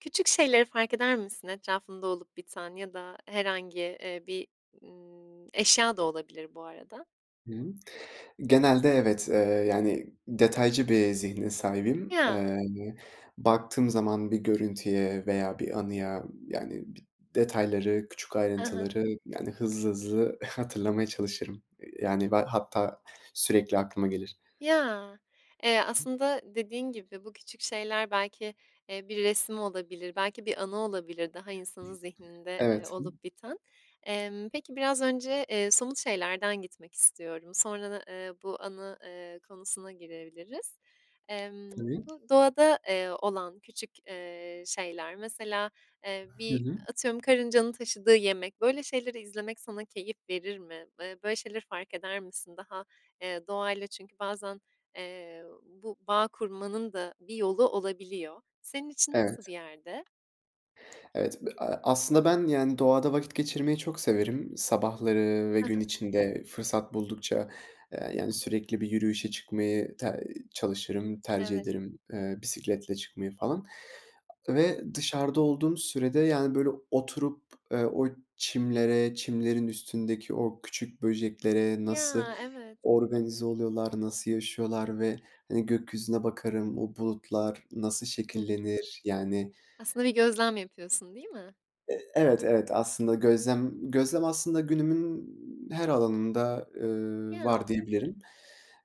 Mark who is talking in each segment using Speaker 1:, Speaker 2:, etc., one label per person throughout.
Speaker 1: Küçük şeyleri fark eder misin etrafında olup biten? Ya da herhangi, eee, bir, ımm, eşya da olabilir bu arada.
Speaker 2: Hı hı. Genelde evet, eee, yani, detaycı bir zihne sahibim. Eee,
Speaker 1: Ya!
Speaker 2: hani, baktığım zaman bir görüntüye veya bir anıya, yani, bi detayları, küçük
Speaker 1: I hı.
Speaker 2: ayrıntıları, yani, hızlı hızlı hatırlamaya çalışırım. Eee, yani, be hatta sürekli aklıma gelir.
Speaker 1: Ya! Eee, aslında dediğin gibi, bu küçük şeyler belki, eee, bir resim olabilir. Belki bir anı olabilir daha insanın zihninde, eee,
Speaker 2: Evet,
Speaker 1: olup biten. Emm, peki, biraz önce, eee, somut şeylerden gitmek istiyorum. Sonra da, ııı, bu anı, ııı, konusuna girebiliriz. Emm,
Speaker 2: Tabii.
Speaker 1: bu doğada, eee, olan küçük, eee, şeyler, mesela, eee,
Speaker 2: Hı
Speaker 1: bir
Speaker 2: hı.
Speaker 1: atıyorum karıncanın taşıdığı yemek, böyle şeyleri izlemek sana keyif verir mi? Iıı, böyle şeyleri fark eder misin? Daha, eee, doğayla çünkü bazen, eee, bu bağ kurmanın da bir yolu olabiliyor. Senin için nasıl bir
Speaker 2: Evet.
Speaker 1: yerde?
Speaker 2: Evet, a aslında ben, yani, doğada vakit geçirmeyi çok severim. Sabahları ve
Speaker 1: Hı
Speaker 2: gün
Speaker 1: hı.
Speaker 2: içinde fırsat buldukça, eee, yani, sürekli bir yürüyüşe çıkmayı ter çalışırım, tercih
Speaker 1: Evet.
Speaker 2: ederim, eee, bisikletle çıkmayı falan.
Speaker 1: Hı hı.
Speaker 2: Ve dışarıda olduğum sürede, yani, böyle, oturup, eee, o çimlere, çimlerin üstündeki o küçük böceklere nasıl
Speaker 1: Ya! Evet.
Speaker 2: organize oluyorlar, nasıl yaşıyorlar ve, hani, gökyüzüne bakarım, o bulutlar nasıl
Speaker 1: Hı hı.
Speaker 2: şekillenir. Yani
Speaker 1: Aslında bir gözlem yapıyorsun, değil mi?
Speaker 2: Eee, evet, evet. Aslında
Speaker 1: [unintelligible]
Speaker 2: gözlem gözlem aslında günümün her alanında, ııı, var
Speaker 1: Ya!
Speaker 2: diyebilirim.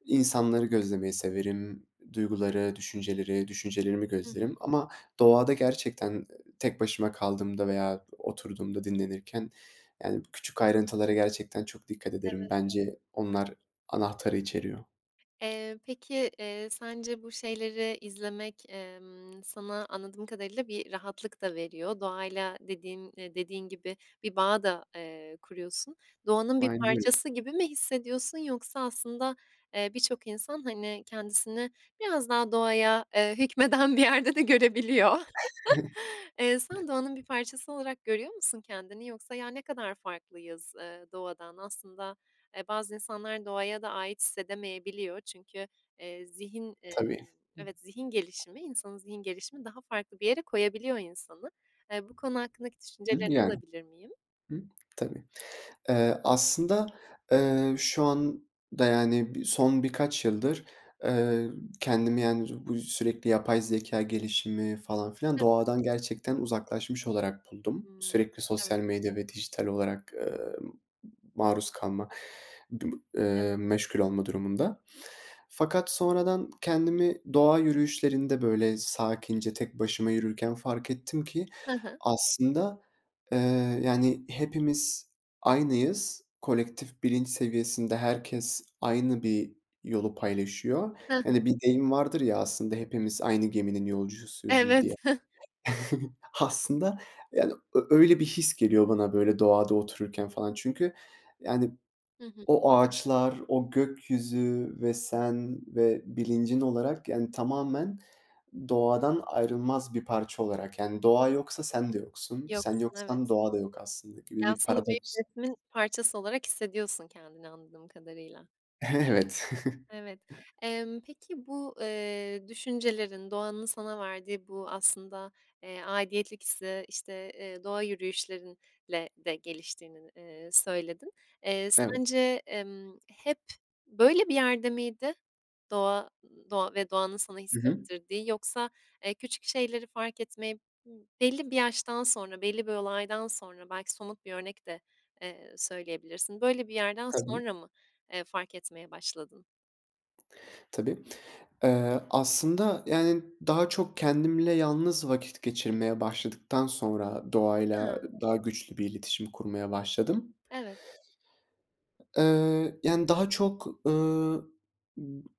Speaker 2: İnsanları gözlemeyi severim, duyguları, düşünceleri, düşüncelerimi
Speaker 1: Hı hı.
Speaker 2: gözlerim. Ama doğada gerçekten tek başıma kaldığımda veya oturduğumda dinlenirken, yani, küçük ayrıntılara gerçekten çok dikkat ederim.
Speaker 1: Evet.
Speaker 2: Bence onlar anahtarı içeriyor.
Speaker 1: Eee, peki, eee, sence bu şeyleri izlemek, emm, sana anladığım kadarıyla bir rahatlık da veriyor. Doğayla dediğin eee, dediğin gibi, bir bağ da, eee, kuruyorsun. Doğanın bir
Speaker 2: Aynen öyle.
Speaker 1: parçası gibi mi hissediyorsun yoksa aslında, eee, birçok insan, hani, kendisini biraz daha doğaya, eee, hükmeden bir yerde de görebiliyor. Eee, sen doğanın bir parçası olarak görüyor musun kendini yoksa, ya, ne kadar farklıyız, eee, doğadan Aslında, eee, bazı insanlar doğaya da ait hissedemeyebiliyor çünkü, eee, zihin, emm
Speaker 2: Tabii.
Speaker 1: evet zihin
Speaker 2: [unintelligible]
Speaker 1: gelişimi insanın zihin gelişimi daha farklı bir yere koyabiliyor insanı. Eee, bu konu hakkındaki
Speaker 2: Hımm,
Speaker 1: düşüncelerini
Speaker 2: yani.
Speaker 1: alabilir miyim?
Speaker 2: Hımm, tabii. Eee, aslında, eee, şu anda, yani, bi son birkaç yıldır, eee, kendimi, yani, bu sürekli yapay zekâ gelişimi falan filan,
Speaker 1: Hı hı.
Speaker 2: doğadan gerçekten uzaklaşmış olarak buldum.
Speaker 1: Hımm,
Speaker 2: Sürekli
Speaker 1: evet.
Speaker 2: sosyal medya ve dijital olarak, emm, maruz kalma,
Speaker 1: Evet.
Speaker 2: eee, meşgul olma durumunda. Fakat sonradan kendimi doğa yürüyüşlerinde, böyle, sakince tek başıma yürürken fark ettim ki,
Speaker 1: Hı hı.
Speaker 2: aslında, eee, yani, hepimiz aynıyız. Kolektif bilinç seviyesinde herkes aynı bir yolu paylaşıyor.
Speaker 1: Hı hı.
Speaker 2: Yani, bir deyim vardır ya, aslında: "Hepimiz aynı geminin yolcusuyuz." iii, diye.
Speaker 1: Evet.
Speaker 2: Aslında, yani, ö öyle bir his geliyor bana, böyle, doğada otururken falan. Çünkü, yani,
Speaker 1: Hı hı.
Speaker 2: o ağaçlar, o gökyüzü ve sen ve bilincin olarak, yani, tamamen doğadan ayrılmaz bir parça olarak yani "Doğa yoksa sen de yoksun. Sen
Speaker 1: Yoksun,
Speaker 2: yoksan
Speaker 1: evet.
Speaker 2: doğa da yok aslında." gibi
Speaker 1: Ya,
Speaker 2: bir
Speaker 1: aslında büyük
Speaker 2: paradoks.
Speaker 1: resmin parçası olarak hissediyorsun kendini, anladığım kadarıyla.
Speaker 2: Evet.
Speaker 1: Evet. Emm, peki, bu, eee, düşüncelerin doğanın sana verdiği bu aslında, eee, aidiyetlik hissi, işte, ııı, doğa yürüyüşlerinle de geliştiğini, eee, söyledin. Eee,
Speaker 2: Evet.
Speaker 1: sence, emm, hep böyle bir yerde miydi doğa ııı, doğa ve doğanın sana
Speaker 2: Hı hı.
Speaker 1: hissettirdiği yoksa, eee, küçük şeyleri fark etmeyi belli bir yaştan sonra, belli bir olaydan sonra belki somut bir örnek de, eee, söyleyebilirsin. Böyle bir yerden
Speaker 2: Tabii.
Speaker 1: sonra mı, eee, fark etmeye başladın?
Speaker 2: Tabii. Iıı, aslında, yani, daha çok kendimle yalnız vakit geçirmeye başladıktan sonra doğayla
Speaker 1: Hıı.
Speaker 2: daha güçlü bir iletişim kurmaya başladım.
Speaker 1: Evet.
Speaker 2: Eee, yani, daha çok, ııı,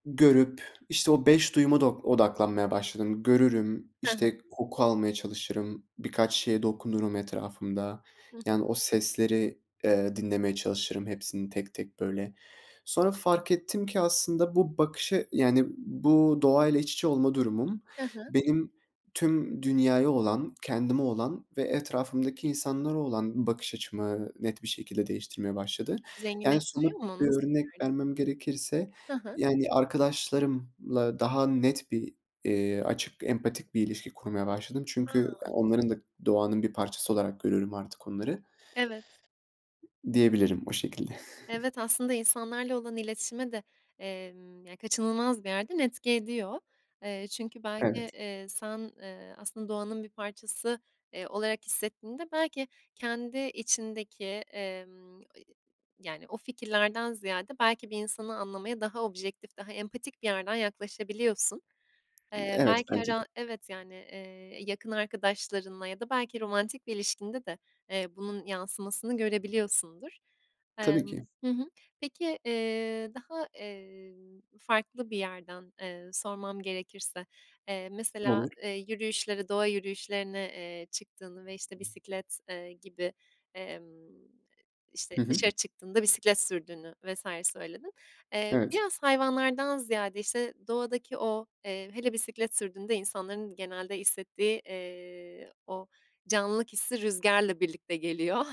Speaker 2: görüp, işte, o 5 duyuma do odaklanmaya başladım. Görürüm,
Speaker 1: Hı hı.
Speaker 2: işte, koku almaya çalışırım, birkaç şeye dokunurum etrafımda.
Speaker 1: Hıh.
Speaker 2: Yani, o sesleri, eee, dinlemeye çalışırım hepsini tek tek, böyle. Sonra fark ettim ki aslında bu bakışı yani, bu doğa ile iç içe olma durumum,
Speaker 1: Hı hı.
Speaker 2: benim tüm dünyaya olan, kendime olan ve etrafımdaki insanlara olan bakış açımı net bir şekilde değiştirmeye başladı. Yani,
Speaker 1: Zenginleştiriyor
Speaker 2: somut
Speaker 1: mu,
Speaker 2: bir
Speaker 1: nasıl bir
Speaker 2: örnek
Speaker 1: yerdi?
Speaker 2: vermem gerekirse,
Speaker 1: Hı hı.
Speaker 2: yani, arkadaşlarımla daha net bir, iii, açık, empatik bir ilişki kurmaya başladım. Çünkü ya,
Speaker 1: Hıı.
Speaker 2: onların da doğanın bir parçası olarak görüyorum artık onları.
Speaker 1: Evet.
Speaker 2: Diyebilirim, o şekilde.
Speaker 1: Evet, aslında insanlarla olan iletişime de, emm, ya, kaçınılmaz bir yerden etki ediyor. Eee, çünkü belki,
Speaker 2: Evet.
Speaker 1: eee, sen, eee, aslında doğanın bir parçası, eee, olarak hissettiğinde belki kendi içindeki, emm, i yani, o fikirlerden ziyade belki bir insanı anlamaya daha objektif, daha empatik bir yerden yaklaşabiliyorsun. Eee,
Speaker 2: Evet,
Speaker 1: belki
Speaker 2: bence de.
Speaker 1: ara evet, yani, eee, yakın arkadaşlarınla ya da belki romantik bir ilişkinde de, eee, bunun yansımasını görebiliyorsundur.
Speaker 2: Tabii ki.
Speaker 1: Emm. Hı hı. Peki, eee, daha, eee, farklı bir yerden, eee, sormam gerekirse, eee, mesela,
Speaker 2: Olur.
Speaker 1: eee, yürüyüşlere, doğa yürüyüşlerine, eee, çıktığını ve, işte, bisiklet, eee, gibi, emm, işte,
Speaker 2: Hı hı.
Speaker 1: dışarı çıktığında bisiklet sürdüğünü vs. söyledin. Eee,
Speaker 2: Evet.
Speaker 1: biraz hayvanlardan ziyade, işte, doğadaki o, eee, hele bisiklet sürdüğünde insanların genelde hissettiği, eee, o canlılık hissi rüzgarla birlikte geliyor.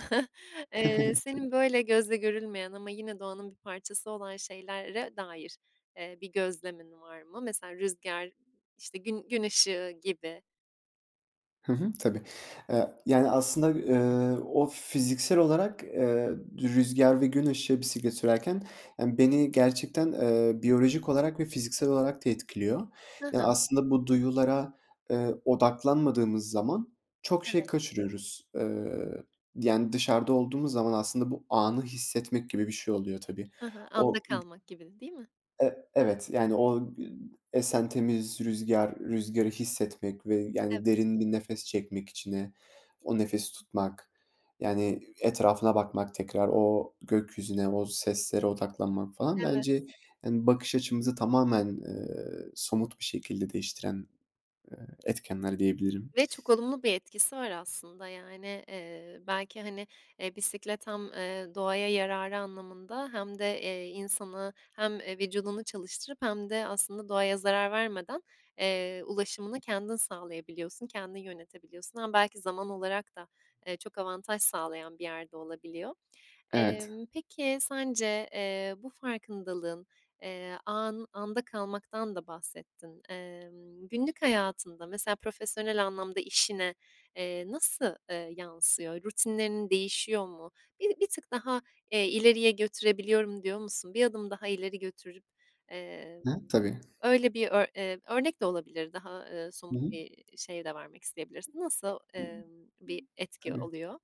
Speaker 1: Eee,
Speaker 2: Tabii ki.
Speaker 1: senin böyle gözle görülmeyen ama yine doğanın bir parçası olan şeylere dair, eee, bir gözlemin var mı? Mesela rüzgar, işte, gün gün ışığı gibi.
Speaker 2: Hı hı, tabii. Eee, yani, aslında, ııı, o fiziksel olarak, eee, rüzgâr ve gün ışığı bisiklet sürerken, yani, beni gerçekten, ııı, biyolojik olarak ve fiziksel olarak da etkiliyor.
Speaker 1: Hı
Speaker 2: Yani,
Speaker 1: hı.
Speaker 2: aslında bu duyulara, ııı, odaklanmadığımız zaman çok şey
Speaker 1: Evet.
Speaker 2: kaçırıyoruz. Iıı, yani, dışarıda olduğumuz zaman aslında bu anı hissetmek gibi bir şey oluyor, tabii.
Speaker 1: Hı hı. Anda
Speaker 2: O [unintelligible]
Speaker 1: kalmak gibi, değil mi?
Speaker 2: E evet. Yani, o gü esen temiz rüzgâr, rüzgârı hissetmek ve, yani,
Speaker 1: Evet.
Speaker 2: derin bir nefes çekmek içine, o nefesi tutmak, yani, etrafına bakmak, tekrar o gökyüzüne, o seslere odaklanmak falan
Speaker 1: Evet.
Speaker 2: bence, yani, bakış açımızı tamamen, ııı, somut bir şekilde değiştiren, eee, etkenler diyebilirim.
Speaker 1: Ve çok olumlu bir etkisi var aslında, yani. Iıı, belki, hani, eee, bisiklet hem, aaa, doğaya yararı anlamında hem de, eee, insanı hem, eee, vücudunu çalıştırıp hem de aslında doğaya zarar vermeden, eee, ulaşımını kendin sağlayabiliyorsun, kendin yönetebiliyorsun. Hem belki zaman olarak da, eee, çok avantaj sağlayan bir yerde olabiliyor.
Speaker 2: Evet.
Speaker 1: Emm, peki, sence, eee, bu farkındalığın, eee, an anda kalmaktan da bahsettin. Emm, günlük hayatında, mesela, profesyonel anlamda işine, eee, nasıl, ııı, yansıyor? Rutinlerin değişiyor mu? Bi bir tık daha, eee, ileriye götürebiliyorum, diyor musun? Bir adım daha ileri götürüp, eee,
Speaker 2: Hı, tabii.
Speaker 1: öyle bir ö eee, örnek de olabilir daha, ııı,
Speaker 2: Hı
Speaker 1: somut
Speaker 2: hı.
Speaker 1: bir şey de vermek isteyebilirsin. Nasıl, ımm, bir etki
Speaker 2: Tabii.
Speaker 1: oluyor?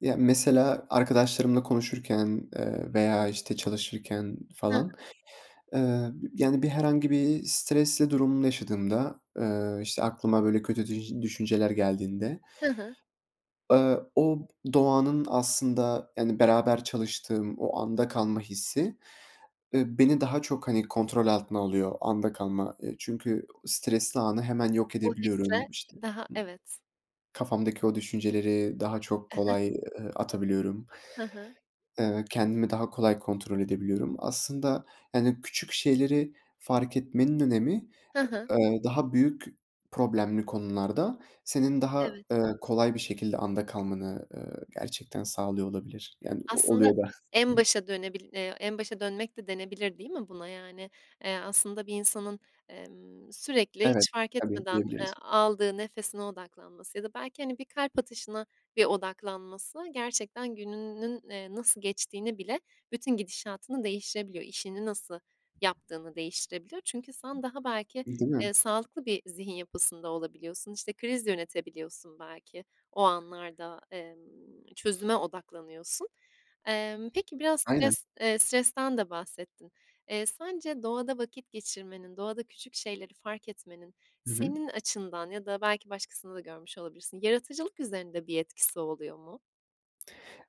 Speaker 2: Ya, mesela arkadaşlarımla konuşurken, ııı, veya, işte, çalışırken falan, ııı, yani, bir herhangi bir stresli durum yaşadığımda, ııı, işte, aklıma böyle kötü düj düşünceler geldiğinde,
Speaker 1: Hı hı.
Speaker 2: ııı, o b doğanın aslında, yani, beraber çalıştığım o anda kalma hissi, ııı, beni daha çok, hani, kontrol altına alıyor, anda kalma. Eee, çünkü stresli anı hemen yok
Speaker 1: O hisse
Speaker 2: edebiliyorum. İşte,
Speaker 1: daha
Speaker 2: ımm,
Speaker 1: Evet.
Speaker 2: kafamdaki o düşünceleri daha çok
Speaker 1: I hı.
Speaker 2: kolay, ııı, atabiliyorum.
Speaker 1: Hı hı.
Speaker 2: Eee, ve kendimi daha kolay kontrol edebiliyorum. Aslında, yani, küçük şeyleri fark etmenin önemi
Speaker 1: Hı hı.
Speaker 2: ı ııı, daha büyük problemli konularda senin daha,
Speaker 1: Evet.
Speaker 2: ııı, kolay bir şekilde anda kalmanı, ııı, gerçekten sağlıyor olabilir. Yani, o
Speaker 1: Aslında
Speaker 2: oluyor da.
Speaker 1: en başa dönebil eee, en başa dönmek de denebilir, değil mi buna, yani? Eee, aslında bir insanın, emm, sürekli
Speaker 2: Evet,
Speaker 1: hiç fark
Speaker 2: tabii,
Speaker 1: etmeden, eee,
Speaker 2: diyebiliriz.
Speaker 1: aldığı nefesine odaklanması ya da belki, hani, bir kalp atışına bir odaklanması gerçekten gününün, eee, nasıl geçtiğini bile bütün gidişatını değiştirebiliyor. İşini nasıl yaptığını değiştirebiliyor. Çünkü sen daha belki,
Speaker 2: Değil mi?
Speaker 1: eee, sağlıklı bir zihin yapısında olabiliyorsun. İşte, kriz yönetebiliyorsun belki o anlarda, emm, çözüme odaklanıyorsun. Emm, peki, biraz
Speaker 2: Aynen.
Speaker 1: stres eee, stresten de bahsettin. Eee, sence doğada vakit geçirmenin, doğada küçük şeyleri fark etmenin
Speaker 2: Hı hı.
Speaker 1: senin açından ya da belki başkasını da görmüş olabilirsin. Yaratıcılık üzerinde bir etkisi oluyor mu?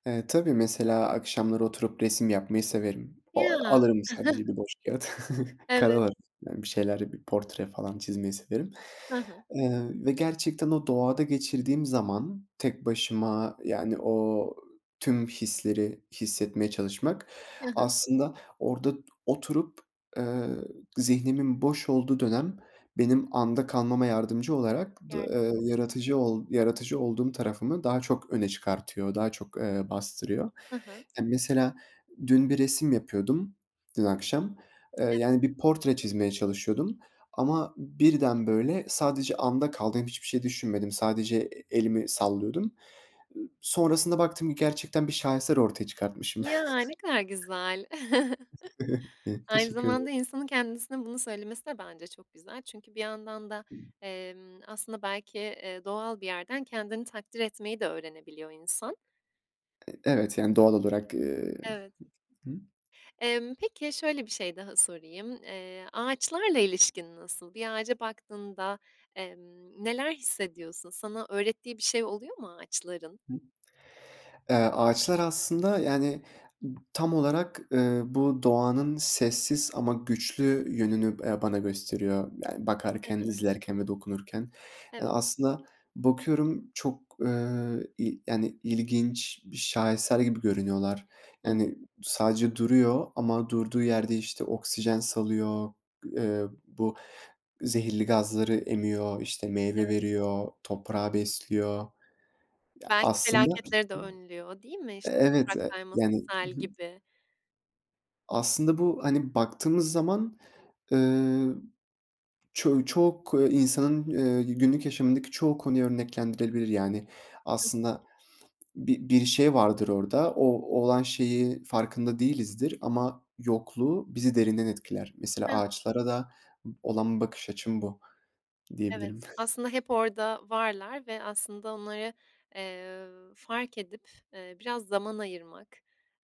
Speaker 2: Eee, tabii, mesela, akşamları oturup resim yapmayı severim. O
Speaker 1: Ya!
Speaker 2: alırım sadece bir boş kâğıt,
Speaker 1: Evet.
Speaker 2: karalarım, yani, bir şeyler, bir portre falan çizmeyi severim.
Speaker 1: Hı hı.
Speaker 2: Eee, ve gerçekten o doğada geçirdiğim zaman tek başıma, yani, o tüm hisleri hissetmeye çalışmak,
Speaker 1: Hı hı.
Speaker 2: aslında, orada oturup, eee, zihnimin boş olduğu dönem benim anda kalmama yardımcı olarak d
Speaker 1: Yardımcı
Speaker 2: eee,
Speaker 1: [unintelligible]
Speaker 2: yaratıcı ol yaratıcı olduğum tarafımı daha çok öne çıkartıyor, daha çok, ııı, bastırıyor.
Speaker 1: Hı hı.
Speaker 2: Ya, mesela, dün bir resim yapıyordum, dün akşam, ııı,
Speaker 1: [unintelligible]
Speaker 2: yani, bir portre çizmeye çalışıyordum ama birden, böyle, sadece anda kaldım, hem hiçbir şey düşünmedim. Sadece e elimi sallıyordum. Iıı, sonrasında baktım ki gerçekten bir şaheser ortaya çıkartmışım.
Speaker 1: Ya! Ne kadar güzel. Aynı
Speaker 2: Teşekkür ederim.
Speaker 1: zamanda insanın kendisine bunu söylemesi de, bence, çok güzel. Çünkü bir yandan da, emm, aslında, belki, eee, doğal bir yerden kendini takdir etmeyi de öğrenebiliyor insan.
Speaker 2: E evet, yani doğal olarak, ııı.
Speaker 1: Evet. Emm, peki, şöyle bir şey daha sorayım. Eee, ağaçlarla ilişkin nasıl? Bir ağaca baktığında, emm, neler hissediyorsun? Sana öğrettiği bir şey oluyor mu ağaçların?
Speaker 2: Eee, ağaçlar aslında, yani, tam olarak, ııı, bu doğanın sessiz ama güçlü yönünü b eee, bana gösteriyor, yani
Speaker 1: Hı
Speaker 2: bakarken,
Speaker 1: hı.
Speaker 2: izlerken ve dokunurken. Eee,
Speaker 1: Evet.
Speaker 2: aslında bakıyorum çok, ııı, y yani, ı ilginç bir şaheser gibi görünüyorlar.
Speaker 1: Hıh.
Speaker 2: Yani, sadece duruyor ama durduğu yerde, işte, oksijen salıyor, eee, bu zehirli gazları emiyor, işte, meyve
Speaker 1: Evet.
Speaker 2: veriyor, toprağı besliyor. Ya,
Speaker 1: Belki
Speaker 2: aslında
Speaker 1: felaketleri de önlüyor, değil mi? İşte
Speaker 2: evet,
Speaker 1: toprak
Speaker 2: e
Speaker 1: kayması
Speaker 2: yani, ı
Speaker 1: sel
Speaker 2: hı.
Speaker 1: gibi.
Speaker 2: Aslında bu, hani baktığımız zaman, ııı, çoğu çok insanın i günlük yaşamındaki çoğu konuyu örneklendirilebilir. Yani, aslında bir bir şey vardır orada, o olan şeyi farkında değilizdir ama yokluğu bizi derinden etkiler. Mesela ağaçlara da b olan bakış açım bu
Speaker 1: Evet,
Speaker 2: diyebilirim.
Speaker 1: aslında, hep orada varlar ve aslında onları, eee, fark edip, eee, biraz zaman ayırmak.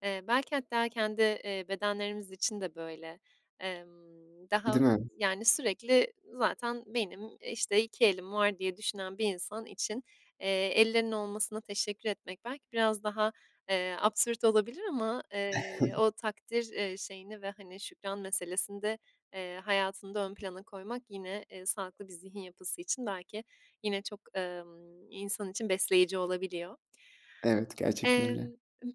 Speaker 1: Eee, belki hatta kendi, eee, bedenlerimiz için de böyle. Emm, daha
Speaker 2: Değil mi?
Speaker 1: yani sürekli zaten benim, işte, "2 elim var." diye düşünen bir insan için, eee, ellerinin olmasına teşekkür etmek belki biraz daha, eee, absürt olabilir ama, eee, o takdir, eee, şeyini ve, hani, şükran meselesini de, eee, hayatında ön plana koymak yine, eee, sağlıklı bir zihin yapısı için belki yine çok, ımm, insan için besleyici olabiliyor.
Speaker 2: Evet, gerçekten
Speaker 1: Emm,
Speaker 2: öyle.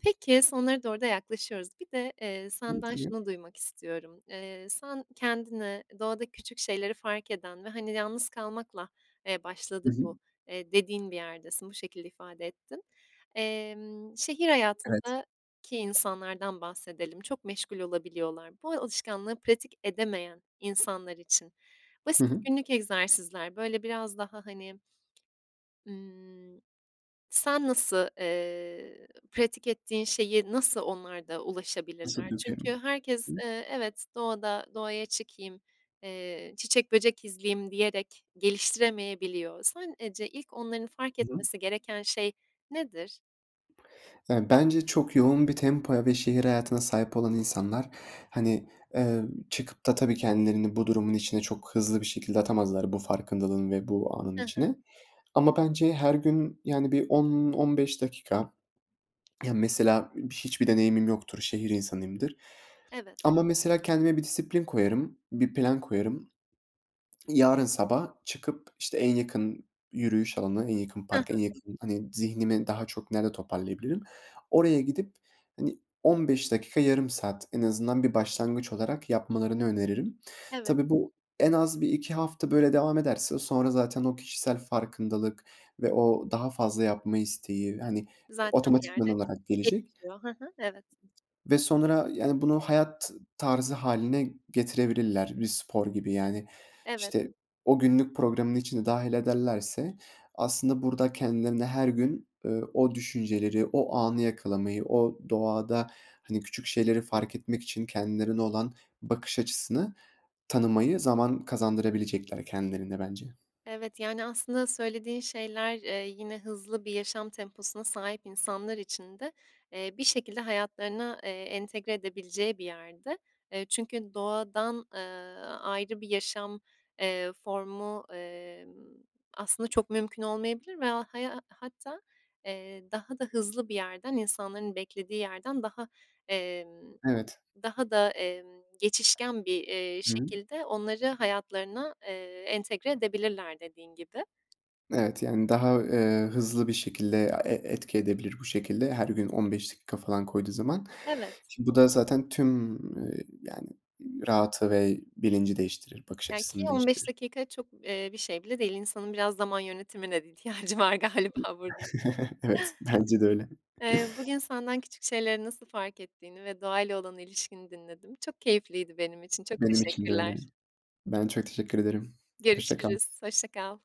Speaker 1: peki, sonlara doğru da yaklaşıyoruz. Bir de, eee,
Speaker 2: Hıı,
Speaker 1: senden
Speaker 2: tabii.
Speaker 1: şunu duymak istiyorum. Eee, sen kendini doğada küçük şeyleri fark eden ve hani, yalnız kalmakla, eee,
Speaker 2: Hı
Speaker 1: başladı
Speaker 2: hı.
Speaker 1: bu, eee, dediğin bir yerdesin, bu şekilde ifade ettin. Emm, şehir
Speaker 2: Evet.
Speaker 1: hayatındaki insanlardan bahsedelim, çok meşgul olabiliyorlar. Bu alışkanlığı pratik edemeyen insanlar için
Speaker 2: Hı
Speaker 1: basit
Speaker 2: hı.
Speaker 1: günlük egzersizler, böyle, biraz daha hani ımm, sen nasıl, eee, pratik ettiğin şeyi nasıl onlar da ulaşabilirler?
Speaker 2: Nasıl
Speaker 1: Çünkü
Speaker 2: dökerim?
Speaker 1: herkes,
Speaker 2: [unintelligible]
Speaker 1: ııı, evet, "Doğada doğaya çıkayım, eee, çiçek, böcek izleyeyim." diyerek geliştiremeyebiliyor. Sen eee, ce ilk onların fark
Speaker 2: Hı hı.
Speaker 1: etmesi gereken şey nedir?
Speaker 2: Ya, bence çok yoğun bir tempoya ve şehir hayatına sahip olan insanlar, hani, eee, çıkıp da tabii kendilerini bu durumun içine çok hızlı bir şekilde atamazlar bu farkındalığın ve bu anın
Speaker 1: Hı hı.
Speaker 2: içine. Ama bence her gün, yani, bir 10-15 dakika Ya, mesela hiçbir deneyimim yoktur, şehir insanıyımdır
Speaker 1: Evet.
Speaker 2: ama mesela kendime bir disiplin koyarım, bir plan koyarım. Yarın sabah çıkıp, işte, en yakın yürüyüş alanı, en yakın
Speaker 1: Hı
Speaker 2: park,
Speaker 1: hı.
Speaker 2: en yakın Hani, zihnimi daha çok nerede toparlayabilirim? Oraya gidip, hani, 15 dakika, yarım saat en azından bir başlangıç olarak yapmalarını öneririm.
Speaker 1: Evet.
Speaker 2: Tabii bu en az 1-2 hafta böyle devam ederse sonra zaten o kişisel farkındalık ve o daha fazla yapma isteği, hani,
Speaker 1: Zaten bir
Speaker 2: otomatikman
Speaker 1: yerde
Speaker 2: olarak gelecek.
Speaker 1: gelişiyor. Hı hı, evet.
Speaker 2: Ve sonra, yani, bunu hayat tarzı hâline getirebilirler, bir spor gibi. Yani,
Speaker 1: Evet.
Speaker 2: işte, o günlük programın içine dâhil ederlerse aslında burada kendilerine her gün, ııı, o düşünceleri, o anı yakalamayı, o doğada, hani, küçük şeyleri fark etmek için kendilerine olan bakış açısını tanımayı zaman kazandırabilecekler kendilerine bence.
Speaker 1: Evet, yani, aslında söylediğin şeyler, eee, yine hızlı bir yaşam temposuna sahip insanlar için de, eee, bir şekilde hayatlarına, eee, entegre edebileceği bir yerde. Eee, çünkü doğadan, ııı, ayrı bir yaşam, eee, formu, emm, aslında çok mümkün olmayabilir veya haya hatta, eee, daha da hızlı bir yerden, insanların beklediği yerden daha, emm,
Speaker 2: Evet.
Speaker 1: daha da, emm, geçişken bir, eee,
Speaker 2: Hı hı.
Speaker 1: şekilde onları hayatlarına, eee, entegre edebilirler dediğin gibi.
Speaker 2: Evet, yani, daha, eee, hızlı bir şekilde a e etki edebilir bu şekilde, her gün 15 dakika falan koyduğu zaman.
Speaker 1: Evet.
Speaker 2: Şi bu da zaten tüm, y yani, rahatı ve bilinci değiştirir, bakış
Speaker 1: Ya, ki
Speaker 2: açısını
Speaker 1: 15
Speaker 2: değiştirir.
Speaker 1: dakika çok, eee, bir şey bile değil. İnsanın biraz zaman yönetimine de ihtiyacı var galiba burada.
Speaker 2: Evet, bence de öyle.
Speaker 1: Eee, bugün senden küçük şeyleri nasıl fark ettiğini ve doğayla olan ilişkini dinledim. Çok keyifliydi benim için. Çok
Speaker 2: Benim için de öyle.
Speaker 1: teşekkürler.
Speaker 2: Ben çok teşekkür ederim. Hoşça kal.
Speaker 1: Görüşürüz, hoşça kal.